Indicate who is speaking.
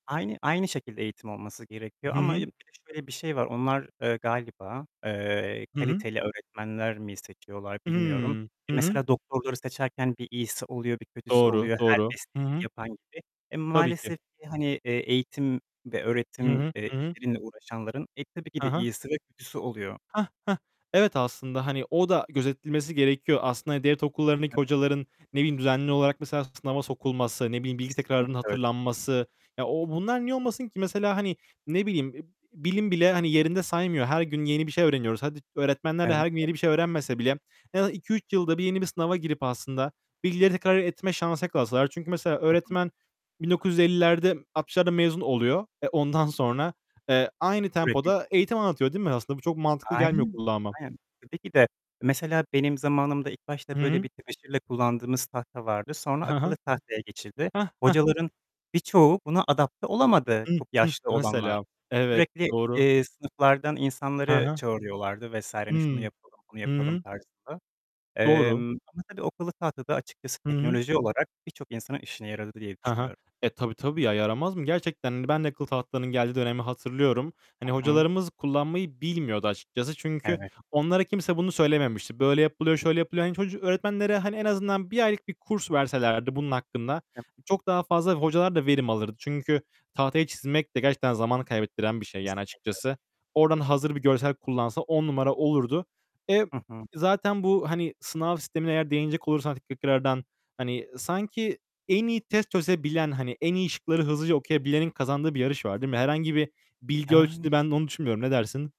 Speaker 1: Aynı aynı şekilde eğitim olması gerekiyor
Speaker 2: Hı
Speaker 1: ama
Speaker 2: hı.
Speaker 1: bir de şöyle bir şey var: Onlar, eee, galiba, eee,
Speaker 2: Hı hı.
Speaker 1: kaliteli öğretmenler mi seçiyorlar, bilmiyorum.
Speaker 2: Hıı. Hı
Speaker 1: E,
Speaker 2: hı.
Speaker 1: mesela doktorları seçerken bir iyisi oluyor, bir kötüsü
Speaker 2: Doğru,
Speaker 1: oluyor. Her
Speaker 2: doğru. Hı
Speaker 1: mesleği
Speaker 2: hı.
Speaker 1: yapan gibi. Eee,
Speaker 2: Tabii ki.
Speaker 1: maalesef ki hani, eee, eğitim ve
Speaker 2: Hı
Speaker 1: öğretim,
Speaker 2: hı.
Speaker 1: eee,
Speaker 2: Hı hı.
Speaker 1: işleriyle uğraşanların, eee, tabii ki
Speaker 2: Hı
Speaker 1: de,
Speaker 2: hı.
Speaker 1: iyisi ve kötüsü oluyor.
Speaker 2: Hah. Hah. Evet, aslında, hani, o da gözetilmesi gerekiyor. Aslında devlet okullarındaki
Speaker 1: Evet.
Speaker 2: hocaların, ne bileyim düzenli olarak mesela, sınava sokulması, ne bileyim, bilgi
Speaker 1: Kesinlikle
Speaker 2: tekrarının
Speaker 1: öyle.
Speaker 2: hatırlanması. Ya, ooo, bunlar niye olmasın ki? Mesela, hani, ne bileyim, eb eb bilim bile hani yerinde saymıyor. Her gün yeni bir şey öğreniyoruz. Hadi, öğretmenler de her gün yeni bir şey
Speaker 1: [unintelligible]
Speaker 2: öğrenmese bile, en azından 2-3 yılda bir yeni bir sınava girip aslında, bilgileri tekrar etme şansı yakalasalar. Çünkü mesela
Speaker 1: Hı hı.
Speaker 2: öğretmen 1950'lerde, 1960'larda mezun oluyor. Eee, ondan sonra, eee, aynı tempoda
Speaker 1: [unintelligible]
Speaker 2: eğitim anlatıyor, değil mi? Aslında bu çok mantıklı gelmiyor
Speaker 1: Aynen.
Speaker 2: kulağıma.
Speaker 1: Aynen. Tabii ki de. Mesela benim zamanımda ilk başta
Speaker 2: Hı
Speaker 1: böyle
Speaker 2: hı.
Speaker 1: bir tebeşirle kullandığımız tahta vardı. Sonra
Speaker 2: Hı
Speaker 1: akıllı
Speaker 2: hı.
Speaker 1: tahtaya geçildi.
Speaker 2: Hah, hah.
Speaker 1: Hocaların birçoğu buna adapte olamadı,
Speaker 2: Hıh,
Speaker 1: çok
Speaker 2: hıh.
Speaker 1: yaşlı olanlar.
Speaker 2: Mesela, evet,
Speaker 1: Sürekli,
Speaker 2: doğru.
Speaker 1: eee, sınıflardan
Speaker 2: Hı
Speaker 1: insanları
Speaker 2: hı.
Speaker 1: çağırıyorlardı vs. Hani şunu
Speaker 2: Hıı.
Speaker 1: yapalım, bunu
Speaker 2: Hı
Speaker 1: yapalım
Speaker 2: hı.
Speaker 1: tarzında.
Speaker 2: Doğru.
Speaker 1: Emm, ama tabii akıllı tahta da açıkçası
Speaker 2: Hı hı.
Speaker 1: teknoloji olarak, birçok insanın çok işine yaradı diye
Speaker 2: Hı hı.
Speaker 1: düşünüyorum.
Speaker 2: Eee, tabii, tabii, ya, yaramaz mı? Gerçekten, hani, ben de akıllı tahtalarının geldiği dönemi hatırlıyorum. Hani,
Speaker 1: Hı hı.
Speaker 2: hocalarımız kullanmayı bilmiyordu açıkçası. Çünkü
Speaker 1: Evet.
Speaker 2: onlara kimse bunu söylememişti. Böyle yapılıyor, şöyle yapılıyor. Hani çocu öğretmenlere, hani, en azından 1 aylık bir kurs verselerdi bunun hakkında,
Speaker 1: Ya
Speaker 2: hani, çok daha fazla, hocalar da verim alırdı. Çünkü tahtaya çizmek de gerçekten zaman kaybettiren bir şey, yani
Speaker 1: Kesinlikle öyle.
Speaker 2: açıkçası. Oradan hazır bir görsel kullansa 10 numara olurdu. Eee,
Speaker 1: Hı hı.
Speaker 2: zaten bu, hani, sınav sistemine eğer değinecek olursan tekrardan, hani, sanki en iyi test çözebilen, hani, en iyi şıkları hızlıca okuyabilenin kazandığı bir yarış var, değil mi? Herhangi bir bilgi
Speaker 1: Yan
Speaker 2: ölçütü ben olduğunu düşünmüyorum. Ne dersin?